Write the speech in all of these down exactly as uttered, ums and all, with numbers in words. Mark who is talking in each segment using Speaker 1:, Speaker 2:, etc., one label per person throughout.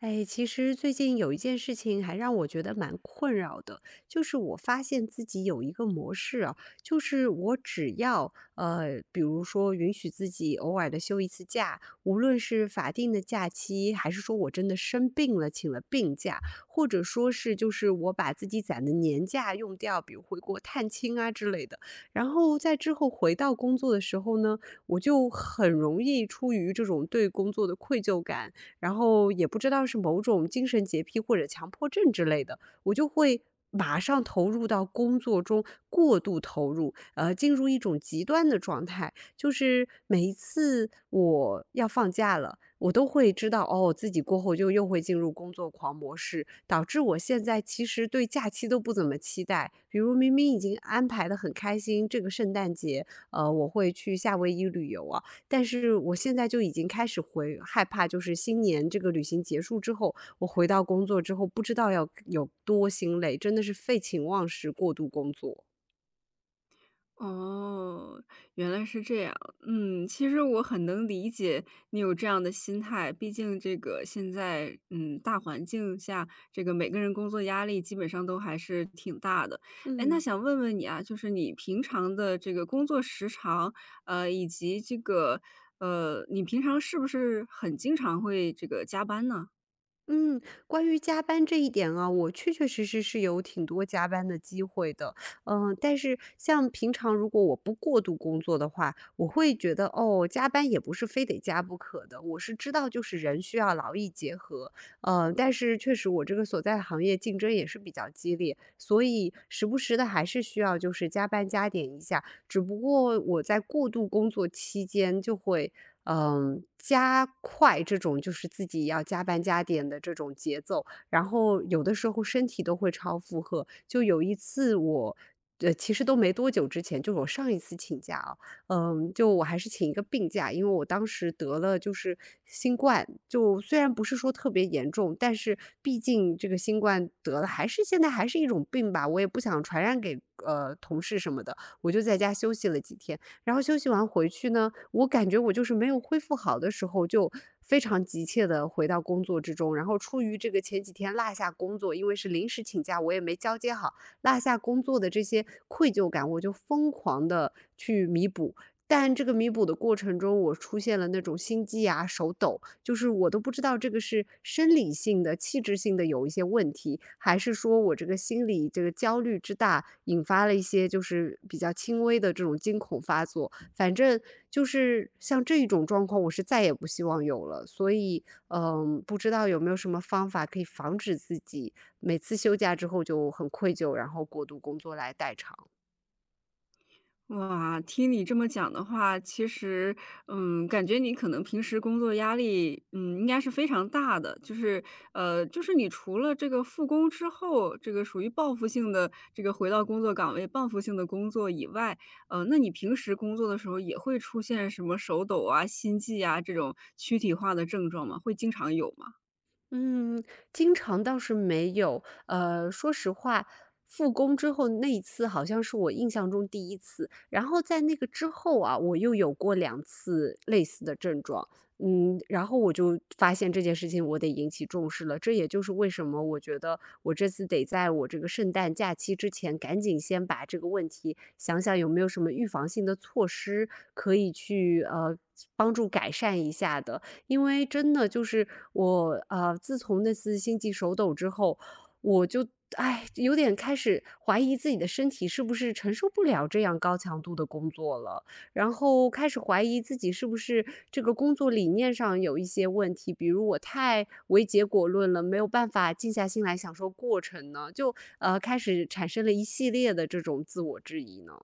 Speaker 1: 哎，其实最近有一件事情还让我觉得蛮困扰的。就是我发现自己有一个模式啊，就是我只要，呃，比如说允许自己偶尔地休一次假，无论是法定的假期，还是说我真的生病了，请了病假，或者说是就是我把自己攒的年假用掉，比如回国探亲啊之类的。然后再之后回到工作的时候呢，我就很容易出于这种对工作的愧疚感，然后也不知道是某种精神洁癖或者强迫症之类的，我就会马上投入到工作中过度投入，而进入一种极端的状态。就是每一次我要放假了，我都会知道哦，自己过后就又会进入工作狂模式，导致我现在其实对假期都不怎么期待。比如明明已经安排得很开心，这个圣诞节，呃，我会去夏威夷旅游啊，但是我现在就已经开始回害怕，就是新年这个旅行结束之后，我回到工作之后，不知道要有多心累，真的是废寝忘食过度工作。
Speaker 2: 哦，原来是这样，嗯。其实我很能理解你有这样的心态，毕竟这个现在，嗯，大环境下这个每个人工作压力基本上都还是挺大的。诶，那
Speaker 1: 嗯。
Speaker 2: 想问问你啊，就是你平常的这个工作时长，呃，以及这个，呃，你平常是不是很经常会这个加班呢？
Speaker 1: 嗯，关于加班这一点啊，我确确实实是有挺多加班的机会的。嗯，但是像平常如果我不过度工作的话，我会觉得，哦，加班也不是非得加不可的，我是知道就是人需要劳逸结合，呃，但是确实我这个所在行业竞争也是比较激烈，所以时不时地还是需要就是加班加点一下，只不过我在过度工作期间就会，嗯，加快这种就是自己要加班加点的这种节奏，然后有的时候身体都会超负荷。就有一次我呃，其实都没多久之前就我上一次请假啊，嗯，就我还是请一个病假，因为我当时得了就是新冠，就虽然不是说特别严重，但是毕竟这个新冠得的还是现在还是一种病吧，我也不想传染给，呃，同事什么的，我就在家休息了几天。然后休息完回去呢，我感觉我就是没有恢复好的时候，就非常急切地回到工作之中，然后出于这个前几天落下工作，因为是临时请假，我也没交接好，落下工作的这些愧疚感，我就疯狂地去弥补。但这个弥补的过程中我出现了那种心悸啊，手抖，就是我都不知道这个是生理性的器质性的有一些问题，还是说我这个心里，这个焦虑之大，引发了一些就是比较轻微的这种惊恐发作。反正就是像这种状况，我是再也不希望有了，所以，嗯，不知道有没有什么方法可以防止自己每次休假之后就很愧疚，然后过度工作来代偿。
Speaker 2: 哇，听你这么讲的话，其实，嗯，感觉你可能平时工作压力，嗯，应该是非常大的。就是，呃，就是你除了这个复工之后，这个属于报复性地这个回到工作岗位，报复性地工作以外，呃，那你平时工作的时候，也会出现什么手抖啊、心悸呀，这种躯体化的症状吗？会经常有吗？
Speaker 1: 嗯，经常倒是没有。呃，说实话，复工之后那一次，好像是我印象中第一次，然后在那个之后啊，我又有过两次类似的症状。嗯，然后我就发现这件事情，我得引起重视了。这也就是为什么我觉得，我这次得在我这个圣诞假期之前，赶紧先把这个问题，想想有没有什么预防性的措施可以去，呃，帮助改善一下的。因为真的就是，我，呃，自从那次心悸手抖之后，我就，唉，有点开始怀疑自己的身体是不是承受不了这样高强度的工作了？然后开始怀疑自己，是不是这个工作理念上有一些问题？比如我太为结果论了，没有办法静下心来享受过程呢，就，呃，开始产生了一系列的这种自我质疑呢。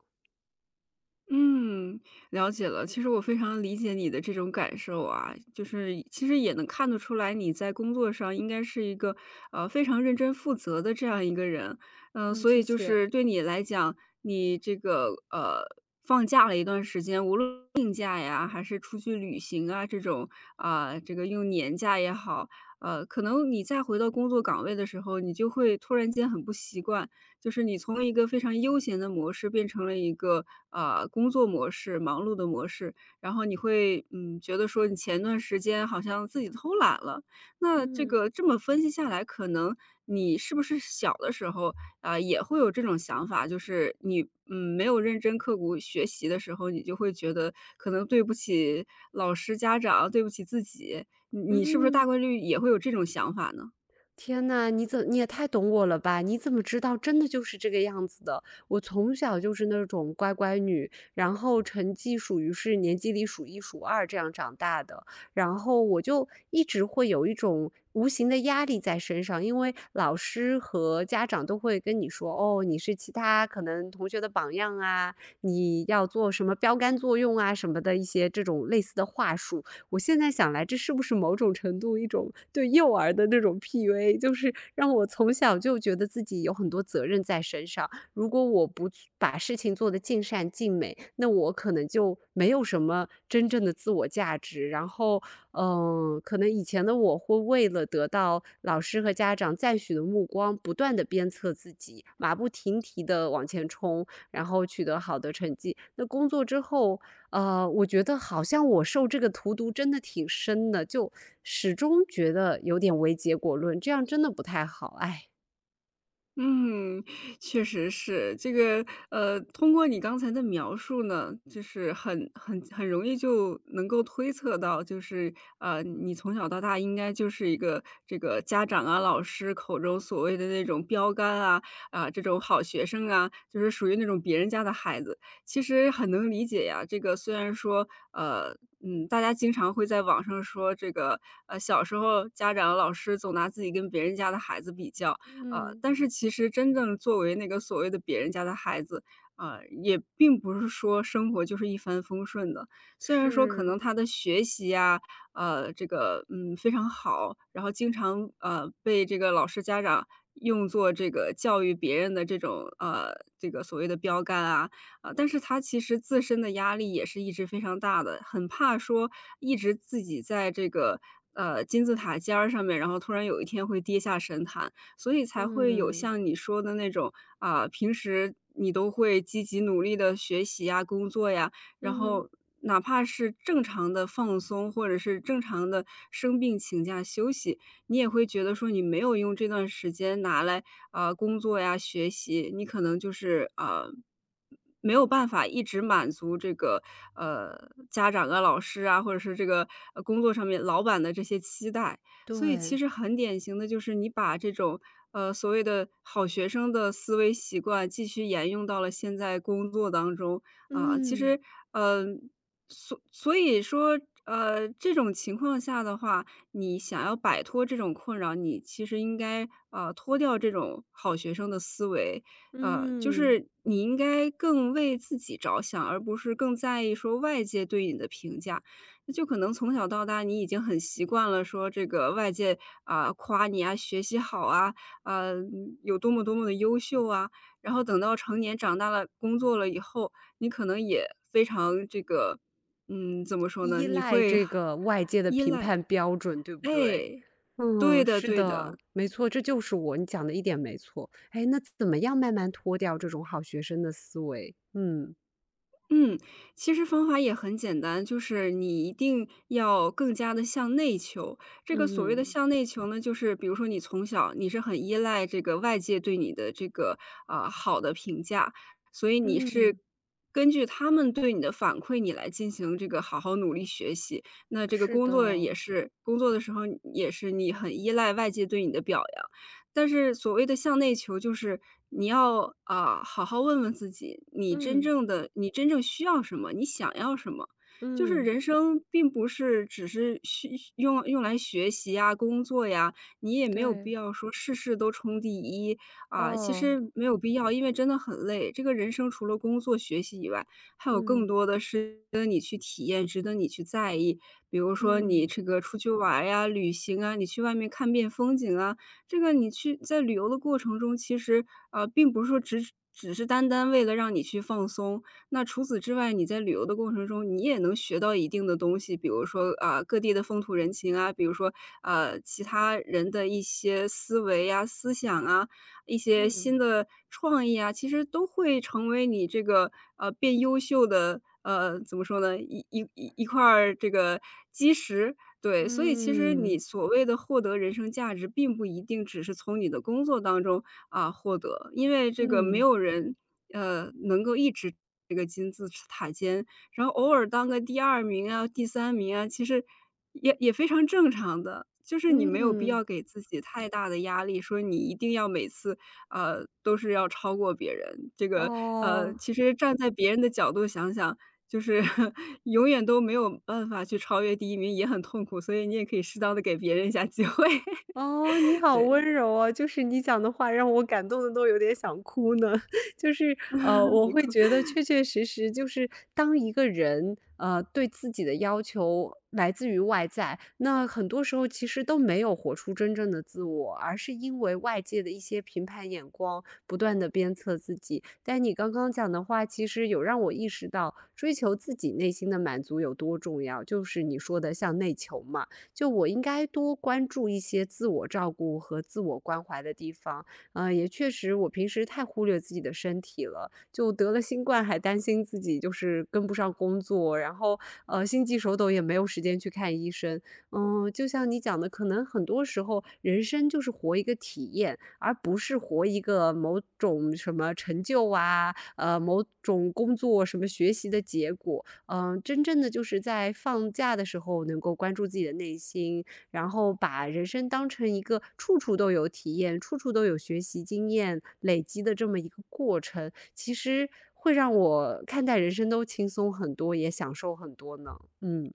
Speaker 2: 嗯，了解了。其实我非常理解你的这种感受啊。就是其实也能看得出来你在工作上应该是一个，呃，非常认真负责的这样一个人。呃，
Speaker 1: 嗯，
Speaker 2: 所
Speaker 1: 谢
Speaker 2: 以就
Speaker 1: 谢。
Speaker 2: 是对你来讲，你这个，呃，放假了一段时间，无论病假呀，还是出去旅行啊，这种，嗯，这个用年假也好。呃，可能你再回到工作岗位的时候，你就会突然间很不习惯。就是你从一个非常悠闲的模式变成了一个，呃，工作模式，忙碌的模式，然后你会，嗯，觉得说你前段时间好像自己偷懒了。那这
Speaker 1: 嗯。
Speaker 2: 个这么分析下来，可能你是不是小的时候，呃，也会有这种想法，就是你，嗯，没有认真刻苦学习的时候，你就会觉得，可能对不起老师家长，对不起自己。你你是不是大
Speaker 1: 嗯。
Speaker 2: 概率也会有这种想法呢？
Speaker 1: 天呐，你怎你也太懂我了吧，你怎么知道真的就是这个样子的。我从小就是那种乖乖女，然后成绩属于是年级里数一数二这样长大的。然后我就一直会有一种无形的压力在身上，因为老师和家长都会跟你说：“哦，你是其他可能同学的榜样啊，你要做什么标杆作用啊”，什么的一些这种类似的话术。我现在想来这是不是某种程度一种对幼儿的那种 PUA，就是让我从小就觉得自己有很多责任在身上，如果我不去把事情做得尽善尽美，那我可能就没有什么真正的自我价值。然后，嗯，可能以前的我会为了得到老师和家长赞许的目光，不断的鞭策自己，马不停蹄地往前冲，然后取得好的成绩。那工作之后，嗯，我觉得好像我受这个荼毒真的挺深的，就始终觉得有点唯结果论，这样真的不太好，哎。
Speaker 2: 嗯，确实是。这个，呃，通过你刚才的描述呢，就是很很很容易就能够推测到就是，呃，你从小到大应该就是一个这个家长啊，老师口中所谓的那种标杆啊，啊，这种好学生啊，就是属于那种别人家的孩子。其实很能理解呀，这个虽然说，呃，嗯，大家经常会在网上说这个，呃，小时候家长和老师总拿自己跟别人家的孩子比较，啊，
Speaker 1: 嗯。
Speaker 2: 但是其实真正作为那个所谓的别人家的孩子，啊，也并不是说生活就是一帆风顺的。虽然说可
Speaker 1: 是。
Speaker 2: 能他的学习呀，啊，这个，嗯，非常好，然后经常，呃，被这个老师家长用作这个教育别人的这种，啊，这个所谓的标杆啊，呃，但是他其实自身的压力也是一直非常大的。很怕说一直自己在这个，呃，金字塔尖儿上面，然后突然有一天会跌下神坛，所以才会有
Speaker 1: 嗯。
Speaker 2: 像你说的那种，啊，平时你都会积极努力地学习呀、工作呀，然
Speaker 1: 嗯。
Speaker 2: 后哪怕是正常地放松，或者是正常地生病请假休息，你也会觉得说你没有用这段时间拿来，呃，工作呀，学习，你可能就是，啊，没有办法一直满足这个，呃，家长啊、老师啊，或者是这个，呃，工作上面老板的这些期待，所以其
Speaker 1: 对。
Speaker 2: 实很典型的就是，你把这种，呃，所谓的好学生的思维习惯继续沿用到了现在工作当中，啊。其
Speaker 1: 嗯。
Speaker 2: 实，嗯，所所以说，呃，这种情况下的话，你想要摆脱这种困扰，你其实应该，啊，脱掉这种好学生的思维，啊，就
Speaker 1: 嗯。
Speaker 2: 是你应该更为自己着想，而不是更在意说，外界对你的评价，就可能从小到大你已经很习惯了说这个外界，啊，夸你呀，学习好啊，啊，嗯，有多么多么地优秀啊，然后等到成年长大了工作了以后，你可能也，非常这个，嗯，怎么说呢？
Speaker 1: 依
Speaker 2: 你
Speaker 1: 赖
Speaker 2: 会
Speaker 1: 这个，外界的
Speaker 2: 依
Speaker 1: 评
Speaker 2: 赖
Speaker 1: 判标准，对不对？
Speaker 2: 哎，对
Speaker 1: 嗯，
Speaker 2: 的
Speaker 1: 是
Speaker 2: 对
Speaker 1: 的，
Speaker 2: 的。
Speaker 1: 没错，这就是我，你讲的一点没错。诶，那怎么样慢慢脱掉这种好学生的思维？嗯。
Speaker 2: 嗯，其实方法也很简单，就是你一定要，更加地向内求。这个所谓的
Speaker 1: 嗯。
Speaker 2: 向内求呢，就是比如说你从小你是很依赖这个外界对你的这个，呃，好的评价，所以你是，
Speaker 1: 嗯。
Speaker 2: 根据他们对你的反馈，你来进行这个好好努力学习。那这个
Speaker 1: 是
Speaker 2: 工作也
Speaker 1: 的。
Speaker 2: 是，工作的时候也是，你很依赖外界对你的表扬。但是所谓的向内求就是，你要，啊，好好问问自己，你真
Speaker 1: 嗯。
Speaker 2: 正的你真正需要什么？你想要什么？就是
Speaker 1: 嗯。
Speaker 2: 人生并不是只是学用用来学习呀，工作呀、你也没有必
Speaker 1: 对。
Speaker 2: 要说事事都冲第一，啊，其
Speaker 1: 哦。
Speaker 2: 实没有必要，因为真的很累。这个人生除了工作学习以外，还有更
Speaker 1: 嗯。
Speaker 2: 多的事，值得你去体验，值得你去在意。比如说你
Speaker 1: 嗯。
Speaker 2: 这个出去玩儿呀，旅行啊、你去外面看遍风景啊。这个你去在旅游的过程中，其实，呃，并不是说只是只是单单为了让你去放松。那除此之外，你在旅游的过程中，你也能学到一定的东西，比如说，啊，各地的风土人情啊；比如说，啊，其他人的一些思维呀，思想啊、一些，
Speaker 1: 嗯。
Speaker 2: 新的创意啊；其实都会成为你这个，呃，变优秀的呃，怎么说呢？一一一块儿这个基石。对，所以其实你
Speaker 1: 嗯。
Speaker 2: 所谓的获得人生价值并不一定只是从你的工作当中，啊，获得。因为这个没
Speaker 1: 嗯。
Speaker 2: 有人，呃，能够一直这个金字塔尖，然后偶尔当个第二名啊，第三名啊，其实，也也非常正常的，就是你没有必
Speaker 1: 嗯。
Speaker 2: 要给自己太大的压力，说你一定要每次，呃，都是要超过别人。这个，呃，
Speaker 1: 哦。
Speaker 2: 其实站在别人的角度想想，就是，永远都没有办法去超越第一名也很痛苦，所以你也可以适当地给别人一下，机会。
Speaker 1: 哦，你 好温
Speaker 2: 对。
Speaker 1: 柔啊，就是你讲的话让我感动得都有点想哭呢。就是，呃，我
Speaker 2: 别
Speaker 1: 会
Speaker 2: 哭。
Speaker 1: 觉得 确确实实就是，当一个人，呃，对自己的要求，来自于外在，那很多时候其实都没有活出真正的自我，而是因为外界的一些评判眼光，不断地鞭策自己。但你刚刚讲的话，其实有让我意识到，追求自己内心的满足有多重要，就是你说的向内求嘛，就我应该多关注一些自我照顾和自我关怀的地方。呃，也确实我平时太忽略自己的身体了，就得了新冠，还担心自己就是，跟不上工作，然后，呃，心悸手抖也没有时间去看医生。嗯，就像你讲的，可能很多时候人生就是活一个体验，而不是活一个某种什么成就啊，呃，某种工作什么学习的结果。嗯，真正的就是在放假的时候，能够关注自己的内心，然后把人生当成一个处处都有体验，处处都有学习经验，累积的这么一个过程。其实会让我看待人生都轻松很多，也享受很多呢，嗯。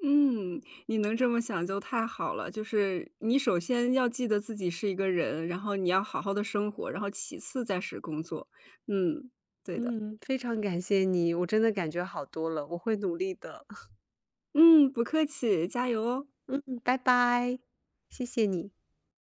Speaker 2: 嗯，你能这么想就太好了。就是，你首先要记得自己是一个人，然后你要好好地生活，然后其次再是工作。嗯。对的。
Speaker 1: 嗯，非常感谢你，我真的感觉好多了，我会努力的。
Speaker 2: 嗯，不客气，加油哦。
Speaker 1: 嗯，拜拜。谢谢你。